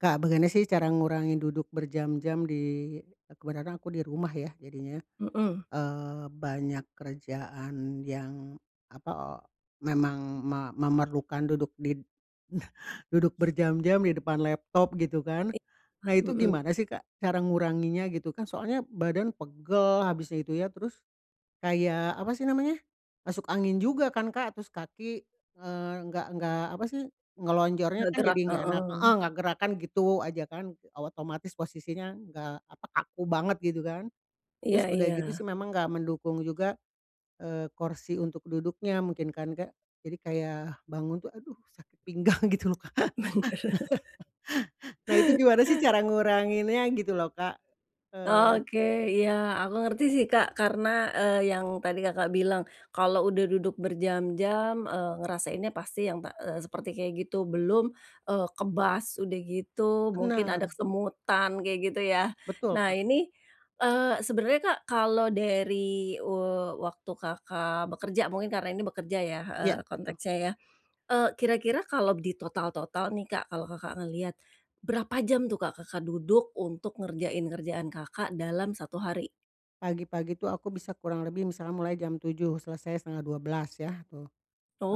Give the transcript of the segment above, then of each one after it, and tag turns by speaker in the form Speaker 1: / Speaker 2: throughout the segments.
Speaker 1: Kak bagaimana sih cara ngurangi duduk berjam-jam di kebetulan aku di rumah ya jadinya,
Speaker 2: Mhm.
Speaker 1: eee, banyak kerjaan yang, apa memang ma memerlukan duduk di duduk berjam-jam di depan laptop gitu kan,
Speaker 2: I
Speaker 1: nah
Speaker 2: wah,
Speaker 1: itu
Speaker 2: mhm.
Speaker 1: gimana sih Kak cara nguranginya gitu kan soalnya badan pegel habis itu ya terus, kayak apa sih namanya? Masuk angin juga kan Kak terus kaki, eee, nggak nggak apa sih, ngelonjornya
Speaker 2: Gak
Speaker 1: kan jadi
Speaker 2: gerak,
Speaker 1: gak enak, heeh,
Speaker 2: heeh.
Speaker 1: nggak gerakan gitu aja kan, otomatis posisinya nggak apa kaku banget gitu kan, terus
Speaker 2: Iya
Speaker 1: udah gitu
Speaker 2: iya.
Speaker 1: sih memang nggak mendukung juga, eee, kursi untuk duduknya mungkin kan Kak, jadi kayak bangun tuh, aduh, sakit pinggang gitu loh Kak.
Speaker 2: Bener.
Speaker 1: Nah itu gimana sih cara nguranginnya gitu loh Kak? Eee.
Speaker 2: Oke, iya, aku ngerti sih, Kak karena, eee, yang tadi Kakak bilang, kalau udah duduk berjam-jam, eee, ngerasainnya pasti yang ta eee, seperti kayak gitu, belum, eee, kebas, udah gitu mungkin ada
Speaker 1: Bener.
Speaker 2: kesemutan kayak gitu ya,
Speaker 1: Betul,
Speaker 2: nah
Speaker 1: Kak.
Speaker 2: ini, eee, sebenarnya Kak kalau dari, eee, waktu Kakak bekerja mungkin karena ini bekerja ya, heeh,
Speaker 1: Iya, betul.
Speaker 2: konteksnya ya? Eee, kira-kira kalau ditotal-total nih Kak kalau Kakak ngelihat, berapa jam tuh Kak Kakak duduk untuk ngerjain kerjaan Kakak dalam 1 hari?
Speaker 1: Pagi-pagi itu aku bisa kurang lebih misalnya mulai jam 7 selesai 11:30 ya tuh,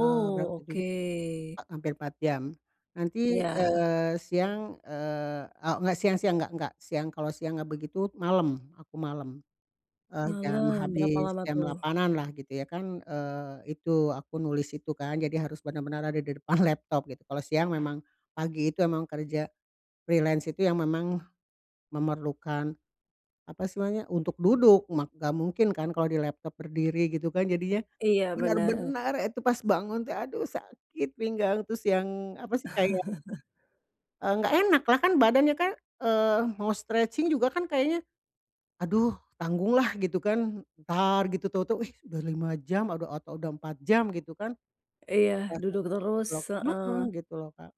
Speaker 1: eee, berapa tuh
Speaker 2: oke.
Speaker 1: 7 [unintelligible] hampir 4 jam, nanti,
Speaker 2: Iya.
Speaker 1: eee, siang, eee, a enggak siang siang enggak enggak siang kalau siang enggak begitu malam aku malam, eee, jam
Speaker 2: Malam berapa
Speaker 1: habis
Speaker 2: lama
Speaker 1: jam
Speaker 2: tuh?
Speaker 1: 8-an lah gitu ya kan, eee, itu aku nulis itu kan jadi harus benar-benar ada di depan laptop gitu kalau siang memang, pagi itu emang kerja, freelance itu yang memang, memerlukan, apa sih namanya untuk duduk mak enggak mungkin kan kalau di laptop berdiri gitu kan jadinya,
Speaker 2: Iya, benar.
Speaker 1: benar-benar itu pas bangun tuh aduh sakit pinggang terus yang apa sih kayak Enggak enak lah kan badannya kan, eee, mau stretching juga kan kayaknya, aduh, tanggung lah gitu kan entar gitu tahu-tahu, eh, udah 5 jam adao atau udah 4 jam gitu kan.
Speaker 2: Iya, duduk
Speaker 1: [unintelligible]
Speaker 2: terus, heeh.
Speaker 1: Mhm, gitu loh Kak.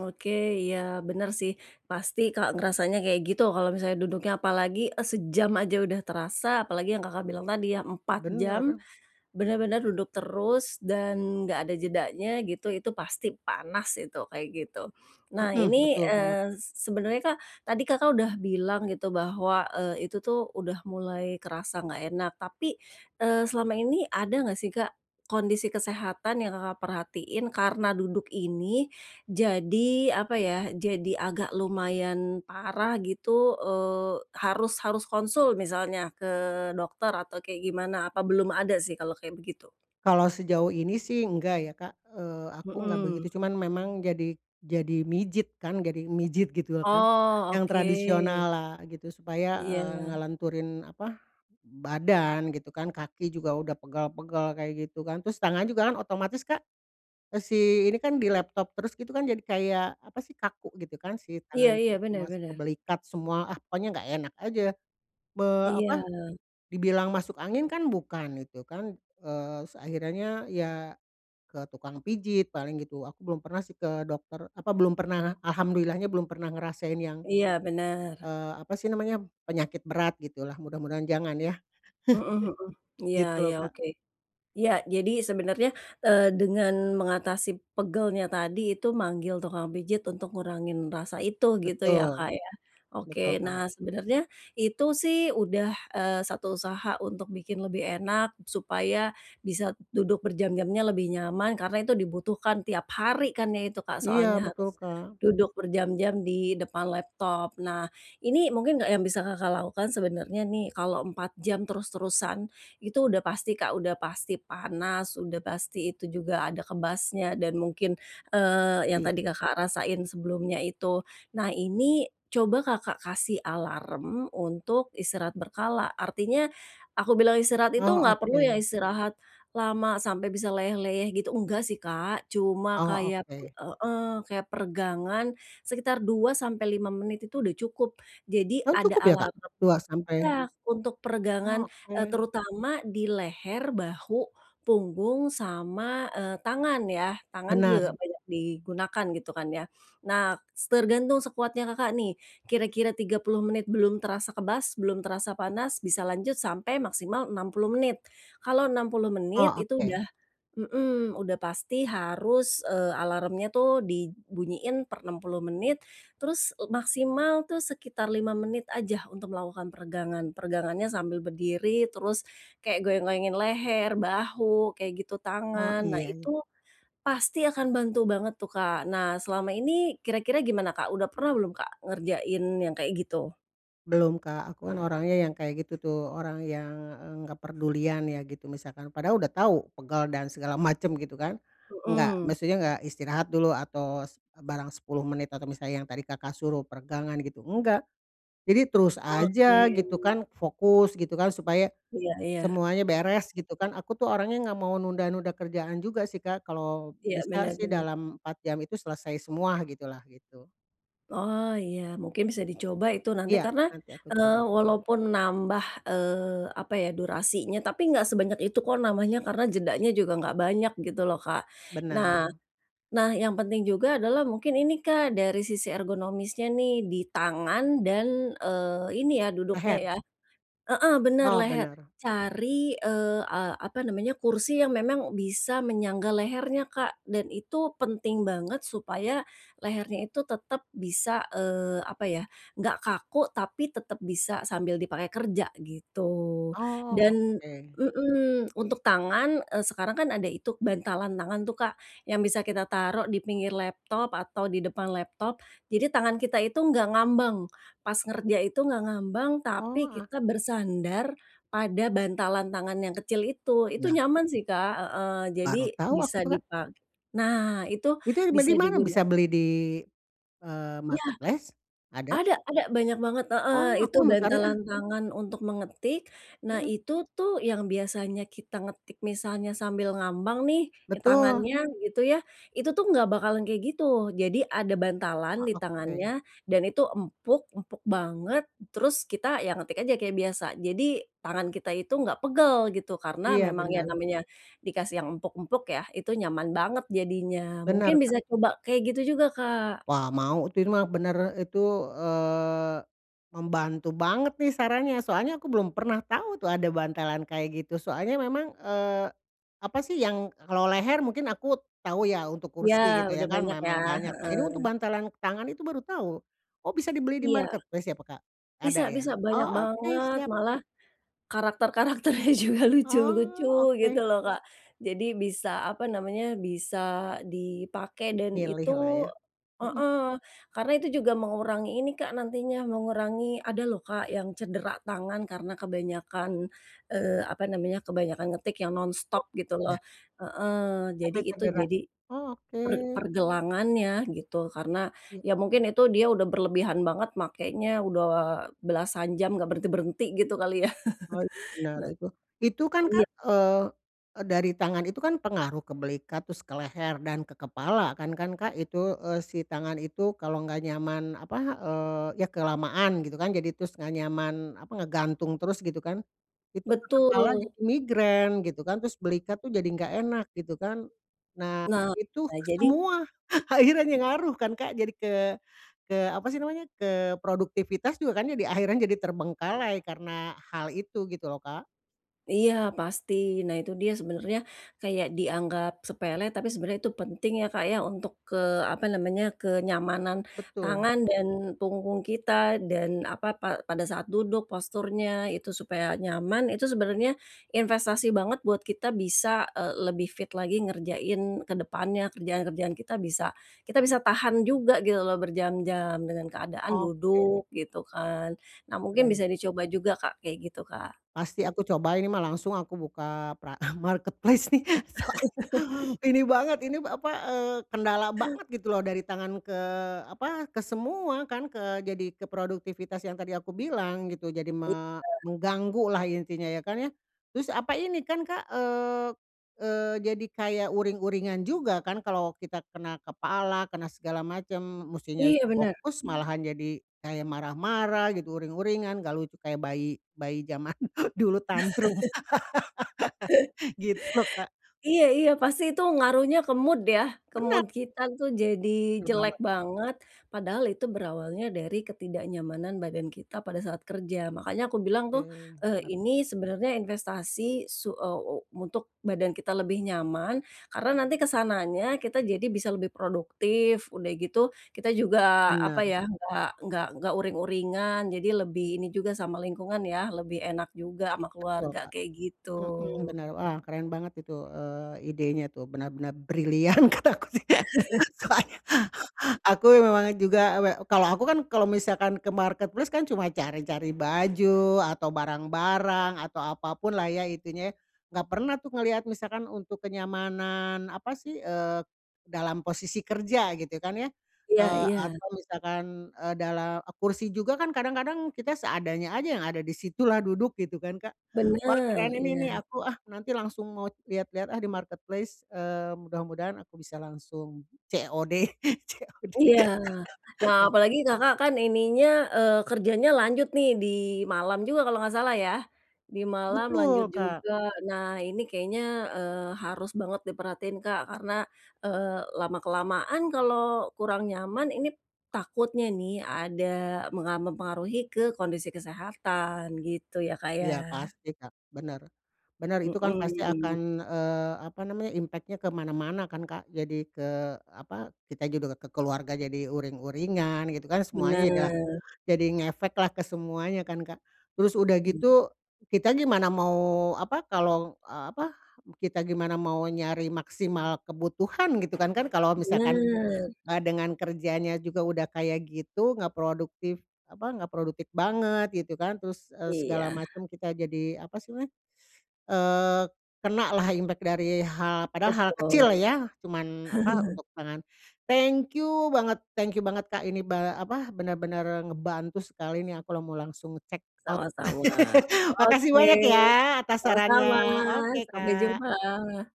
Speaker 2: Oke, iya, benar sih pasti Kak ngerasanya kayak gitu kalau misalnya duduknya apalagi sejam aja udah terasa apalagi yang Kakak bilang tadi ya 4 jam,
Speaker 1: Bener.
Speaker 2: benar-benar duduk terus dan enggak ada jedanya gitu itu pasti panas gitu kayak gitu. Nah,
Speaker 1: Mhm,
Speaker 2: ini,
Speaker 1: betul banget.
Speaker 2: eee, sebenarnya Kak tadi Kakak sudah bilang gitu bahwa, eee, itu tuh udah mulai kerasa enggak enak tapi, eee, selama ini ada enggak sih Kak, kondisi kesehatan yang Kakak perhatiin karena duduk ini, jadi apa ya jadi agak lumayan parah gitu, eee, harus harus konsul misalnya ke dokter atau kayak gimana? Apa belum ada sih kalau kayak begitu?
Speaker 1: Kalau sejauh ini sih enggak ya Kak, eee, aku enggak begitu
Speaker 2: Mhm.
Speaker 1: cuman memang jadi jadi mijit kan jadi mijit gitu lah kan,
Speaker 2: Oh,
Speaker 1: yang
Speaker 2: oke.
Speaker 1: tradisional lah gitu supaya, eee,
Speaker 2: Iya.
Speaker 1: ngelenturin apa, badan gitu kan kaki juga udah pegal-pegal kayak gitu kan terus tangan juga kan otomatis Kak, si ini kan di laptop terus gitu kan jadi kayak apa sih kaku gitu kan si
Speaker 2: Iya
Speaker 1: tangan itu
Speaker 2: iya, benar
Speaker 1: masuk ke
Speaker 2: benar.
Speaker 1: belikat semua, ah, pokoknya enggak enak aja, be
Speaker 2: Iya.
Speaker 1: apa, dibilang masuk angin kan bukan gitu kan, eee, s akhirannya ya, ke tukang pijit paling gitu aku belum pernah sih ke dokter apa belum pernah alhamdulillah-nya belum pernah ngerasain yang,
Speaker 2: Iya, benar.
Speaker 1: eee, apa sih namanya penyakit berat gitulah mudah-mudahan jangan ya.
Speaker 2: Mhm mhm, iya
Speaker 1: Gitu loh
Speaker 2: iya,
Speaker 1: Kak.
Speaker 2: oke, iya, jadi sebenarnya, eee, dengan mengatasi pegalnya tadi itu manggil tukang pijit untuk ngurangin rasa itu gitu ya, Kak,
Speaker 1: Betul,
Speaker 2: ya? Oke,
Speaker 1: betul,
Speaker 2: nah,
Speaker 1: Kak.
Speaker 2: sebenarnya itu sih udah, eee, 1 usaha untuk bikin lebih enak supaya bisa duduk berjam-jamnya lebih nyaman karena itu dibutuhkan tiap hari kan ya itu Kak
Speaker 1: Iya,
Speaker 2: soalnya harus,
Speaker 1: betul, Kak.
Speaker 2: duduk berjam-jam di depan laptop. Nah, ini mungkin enggak yang bisa Kakak lakukan sebenarnya nih kalau 4 jam terus-terusan, itu udah pasti Kak udah pasti panas udah pasti itu juga ada kebasnya dan mungkin, eee, yang
Speaker 1: Iya.
Speaker 2: tadi Kakak rasain sebelumnya itu, nah, ini coba Kakak kasih alarm untuk istirahat berkala artinya, aku bilang istirahat itu
Speaker 1: Oh,
Speaker 2: enggak perlu yang
Speaker 1: oke.
Speaker 2: istirahat, lama sampai bisa leyeh-leyeh gitu enggak sih Kak. Cuma
Speaker 1: Oh,
Speaker 2: kayak
Speaker 1: oke.
Speaker 2: heeh, kayak peregangan sekitar, 2 sampai 5 menit itu udah cukup. Jadi
Speaker 1: Emang
Speaker 2: ada
Speaker 1: cukup ya Kak?
Speaker 2: alarm
Speaker 1: Luas sampai
Speaker 2: iya, untuk peregangan, eee,
Speaker 1: Oke.
Speaker 2: terutama di leher, bahu, punggung sama, eee, tangan ya tangan
Speaker 1: Benar.
Speaker 2: juga banyak digunakan gitu kan ya. Nah s tergantung sekuatnya Kakak nih, kira-kira 30 menit belum terasa kebas belum terasa panas bisa lanjut sampai maksimal 60 menit, kalau 60 menit
Speaker 1: Oh,
Speaker 2: itu
Speaker 1: oke.
Speaker 2: udah mhm, udah pasti harus, eee, alarmnya tuh dibunyiin per 60 menit, terus maksimal tuh sekitar 5 menit aja untuk melakukan peregangan. Peregangannya sambil berdiri terus, kayak goyang-goyangin leher, bahu kayak gitu
Speaker 1: Oh
Speaker 2: tangan nah
Speaker 1: iya.
Speaker 2: itu, pasti akan bantu banget tuh Kak. Nah, selama ini kira-kira gimana Kak udah pernah belum Kak ngerjain yang kayak gitu?
Speaker 1: Belum, Kak, aku kan orangnya yang kayak gitu tuh orang yang, eee, enggak perdulian ya gitu misalkan padahal udah tahu pegal dan segala macem gitu kan, enggak
Speaker 2: Mhm.
Speaker 1: maksudnya enggak istirahat dulu atau s barang 10 menit atau misalnya yang tadi Kakak suruh peregangan gitu enggak. Jadi terus
Speaker 2: Oke.
Speaker 1: aja gitu kan fokus gitu kan supaya,
Speaker 2: Iya iya.
Speaker 1: semuanya beres gitu kan aku tuh orangnya enggak mau nunda-nunda kerjaan juga sih Kak kalau
Speaker 2: Iya,
Speaker 1: bisa
Speaker 2: benar
Speaker 1: sih
Speaker 2: benar.
Speaker 1: dalam 4 jam itu selesai semua gitulah gitu.
Speaker 2: Oh, iya, mungkin bisa dicoba itu nanti
Speaker 1: Iya,
Speaker 2: karena,
Speaker 1: nanti aku
Speaker 2: eee,
Speaker 1: coba.
Speaker 2: walaupun nambah, eee, apa ya durasinya tapi enggak sebanyak itu kok namanya karena jedanya juga enggak banyak gitu loh Kak. Nah
Speaker 1: Benar.
Speaker 2: nah, yang penting juga adalah mungkin ini Kak dari sisi ergonomisnya nih di tangan dan, eee, ini ya duduknya
Speaker 1: Leher.
Speaker 2: ya heeh, benar
Speaker 1: Oh,
Speaker 2: leher
Speaker 1: benar.
Speaker 2: cari, eee, a apa namanya kursi yang memang bisa menyangga lehernya Kak dan itu penting banget supaya, lehernya itu tetap bisa, eee, apa ya enggak kaku tapi tetap bisa sambil dipakai kerja gitu.
Speaker 1: Oh,
Speaker 2: Dan
Speaker 1: oke.
Speaker 2: mhm, untuk tangan, eee, sekarang kan ada itu bantalan tangan tuh Kak, yang bisa kita taruh di pinggir laptop atau di depan laptop, jadi tangan kita itu enggak ngambang, pas kerja itu enggak ngambang
Speaker 1: Oh,
Speaker 2: tapi
Speaker 1: ah.
Speaker 2: kita bersandar, pada bantalan tangan yang kecil itu, itu
Speaker 1: Nah.
Speaker 2: nyaman sih Kak heeh,
Speaker 1: Baru
Speaker 2: jadi
Speaker 1: tahu aku
Speaker 2: bisa
Speaker 1: tuh
Speaker 2: di
Speaker 1: Kak.
Speaker 2: pa nah, itu
Speaker 1: Itu be
Speaker 2: bisa
Speaker 1: di mana
Speaker 2: diguna
Speaker 1: bisa beli di, eee,
Speaker 2: Iya,
Speaker 1: marketplace? Ada?
Speaker 2: ada ada banyak banget, heeh,
Speaker 1: Oh, aku
Speaker 2: itu
Speaker 1: mau cari, ah.
Speaker 2: bantalan tangan untuk mengetik, nah,
Speaker 1: Heeh.
Speaker 2: itu tuh yang biasanya kita ngetik misalnya sambil ngambang nih
Speaker 1: Betul.
Speaker 2: tangannya gitu ya, itu tuh enggak bakalan kayak gitu. Jadi ada bantalan
Speaker 1: Oh,
Speaker 2: di tangannya,
Speaker 1: oke.
Speaker 2: dan itu empuk, empuk banget terus kita ya ngetik aja kayak biasa jadi tangan kita itu enggak pegel gitu karena
Speaker 1: Iya,
Speaker 2: memang ya
Speaker 1: benar.
Speaker 2: namanya, dikasih yang empuk-empuk ya itu nyaman banget jadinya. Mungkin
Speaker 1: Benar Kak.
Speaker 2: bisa coba kayak gitu juga Kak.
Speaker 1: Wah, mau itu ir mah benar itu, eee, membantu banget nih sarannya soalnya aku belum pernah tahu tuh ada bantalan kayak gitu soalnya memang, eee, apa sih yang kalau leher mungkin aku tahu ya untuk
Speaker 2: Iya,
Speaker 1: kursi gitu
Speaker 2: udah
Speaker 1: ya kan
Speaker 2: banyak ya,
Speaker 1: memang banyak. Nah ini untuk
Speaker 2: heeh.
Speaker 1: bantalan tangan itu baru tahu, oh, bisa dibeli di
Speaker 2: Iya,
Speaker 1: marketplace ya pe Kak?
Speaker 2: bisa
Speaker 1: Ada ya?
Speaker 2: bisa, banyak
Speaker 1: Oh, oke,
Speaker 2: banget
Speaker 1: siap.
Speaker 2: malah, karakter karakternya juga lucu-lucu
Speaker 1: Oh,
Speaker 2: gitu
Speaker 1: oke
Speaker 2: loh Kak. Jadi bisa apa namanya bisa dipakai dan
Speaker 1: Milih
Speaker 2: itu
Speaker 1: lah ya, mhm.
Speaker 2: heeh, karena itu juga mengurangi ini Kak nantinya mengurangi ada loh Kak yang cedera tangan karena kebanyakan, eee, apa namanya kebanyakan ngetik yang nonstop gitu loh
Speaker 1: Iya.
Speaker 2: heeh, jadi
Speaker 1: Nanti
Speaker 2: itu
Speaker 1: cedera,
Speaker 2: jadi
Speaker 1: oh,
Speaker 2: per
Speaker 1: oke.
Speaker 2: pergelangannya gitu karena
Speaker 1: Iya.
Speaker 2: ya mungkin itu dia udah berlebihan banget makenya udah belasan jam enggak berhenti-berhenti gitu kali ya.
Speaker 1: Oh, itu benar
Speaker 2: Nah
Speaker 1: itu itu kan
Speaker 2: iya.
Speaker 1: Kak, eee eee, dari tangan itu kan pengaruh ke belikat terus ke leher dan ke kepala kan kan Kak itu, eee, si tangan itu kalau enggak nyaman apa, eee, ya kelamaan gitu kan jadi terus enggak nyaman apa ngegantung terus gitu kan, itu ke kepala
Speaker 2: Betul.
Speaker 1: jadi migrain gitu kan terus belikat tuh jadi enggak enak gitu kan. Nah,
Speaker 2: Nah,
Speaker 1: itu
Speaker 2: jadi
Speaker 1: semua akhirannya ngaruh kan Kak jadi ke ke apa sih namanya ke produktivitas juga kan jadi akhirnya jadi terbengkalai karena hal itu gitu loh Kak.
Speaker 2: Iya, pasti, nah, itu dia sebenarnya, kayak dianggap sepele tapi sebenarnya itu penting ya, Kak, ya, untuk ke apa namanya kenyamanan,
Speaker 1: Betul.
Speaker 2: tangan dan punggung kita dan apa pa pada saat duduk posturnya itu supaya nyaman itu sebenarnya, investasi banget buat kita bisa, eee, lebih fit lagi ngerjain ke depannya kerjaan kerjaan kita bisa kita bisa tahan juga gitu loh berjam-jam dengan keadaan
Speaker 1: Oke.
Speaker 2: duduk gitu kan. Nah, mungkin
Speaker 1: Keren.
Speaker 2: bisa dicoba juga Kak kayak gitu Kak.
Speaker 1: Pasti aku coba ini mah langsung aku buka pra marketplace nih soalnya ini banget ini apa, eee, kendala banget gitu loh dari tangan ke apa ke semua kan ke jadi ke produktivitas yang tadi aku bilang gitu jadi
Speaker 2: Iya.
Speaker 1: me mengganggu lah intinya ya, kan, ya? Terus apa ini kan Kak, eee eee, jadi kayak uring-uringan juga kan kalo kita kena kepala kena segala macem mestinya
Speaker 2: Iya, benar.
Speaker 1: fokus malahan jadi kayak marah-marah gitu uring-uringan enggak lucu kayak bayi bayi jaman dulu tantrum. Gitu loh Kak.
Speaker 2: Iya iya, pasti itu ngaruhnya ke mood ya? Ke
Speaker 1: Benar.
Speaker 2: mood kita tuh jadi
Speaker 1: Benar
Speaker 2: jelek
Speaker 1: banget.
Speaker 2: banget, padahal itu berawalnya dari ketidaknyamanan badan kita pada saat kerja. Makanya aku bilang tuh,
Speaker 1: Oke,
Speaker 2: eee,
Speaker 1: bener.
Speaker 2: ini sebenarnya investasi su eee, u untuk badan kita lebih nyaman, karena nanti ke sananya kita jadi bisa lebih produktif, udah gitu kita juga apa
Speaker 1: Benar.
Speaker 2: ya enggak enggak enggak uring-uringan jadi lebih ini juga sama lingkungan ya lebih enak juga ama
Speaker 1: Betul,
Speaker 2: keluarga
Speaker 1: Kak,
Speaker 2: kayak gitu.
Speaker 1: mhm, benar, wah, keren banget itu, eee, idenya tuh benar-benar brilian kataku sih. Soalnya aku memang juga we kalau aku kan kalau misalkan ke marketplace kan cuma cari-cari baju atau barang-barang atau apa pun lah ya intinya ya, enggak pernah tuh ngelihat misalkan untuk kenyamanan apa sih, eee, dalam posisi kerja gitu kan ya,
Speaker 2: Iya
Speaker 1: eee,
Speaker 2: iya.
Speaker 1: atau misalkan, eee, dalam kursi juga kan kadang-kadang kita seadanya aja yang ada di situ lah duduk gitu kan Kak. Wah,
Speaker 2: Benar,
Speaker 1: keren ini
Speaker 2: iya.
Speaker 1: nih aku, ah, nanti langsung mau lihat-lihat, ah, di marketplace, eee, mudah-mudahan aku bisa langsung COD COD.
Speaker 2: Iya, nah, apalagi Kakak kan ininya, eee, kerjanya lanjut nih di malam juga kalau enggak salah ya? Di malam lanjut
Speaker 1: Betul, Kak.
Speaker 2: juga. Nah, ini kayaknya, eee, harus banget diperhatiin Kak karena, eee, lama kelamaan kalau kurang nyaman ini, takutnya nih ada menga mempengaruhi ke kondisi kesehatan gitu ya, Kak, ya.
Speaker 1: Iya, pasti, Kak, benar, benar itu kan pasti akan,
Speaker 2: Mhm.
Speaker 1: eee, apa namanya impact-nya ke mana-mana kan Kak jadi ke apa kita juga ke keluarga jadi uring-uringan gitu kan semuanya juga,
Speaker 2: Benar.
Speaker 1: jadi ngefeklah ke semuanya kan Kak. Terus udah
Speaker 2: Mmm.
Speaker 1: gitu, kita gimana mau apa kalau, eee, apa kita gimana mau nyari maksimal kebutuhan gitu kan kan kalau misalkan
Speaker 2: Benar.
Speaker 1: a dengan kerjanya juga udah kayak gitu enggak produktif, apa enggak produktif banget gitu kan terus, eee, segala
Speaker 2: Iya.
Speaker 1: macem kita jadi apa sih namanya, eee, kena lah impact dari hal padahal kecil
Speaker 2: Betul.
Speaker 1: ya cuman apa untuk tangan. Thank you banget thank you banget Kak ini ba apa benar-benar ngebantu sekali ini aku la mau langsung check out.
Speaker 2: Sama-sama,
Speaker 1: Makasih
Speaker 2: oke,
Speaker 1: banyak ya atas sarannya,
Speaker 2: sama-sama,
Speaker 1: oke,
Speaker 2: sampai
Speaker 1: Kak.
Speaker 2: jumpa.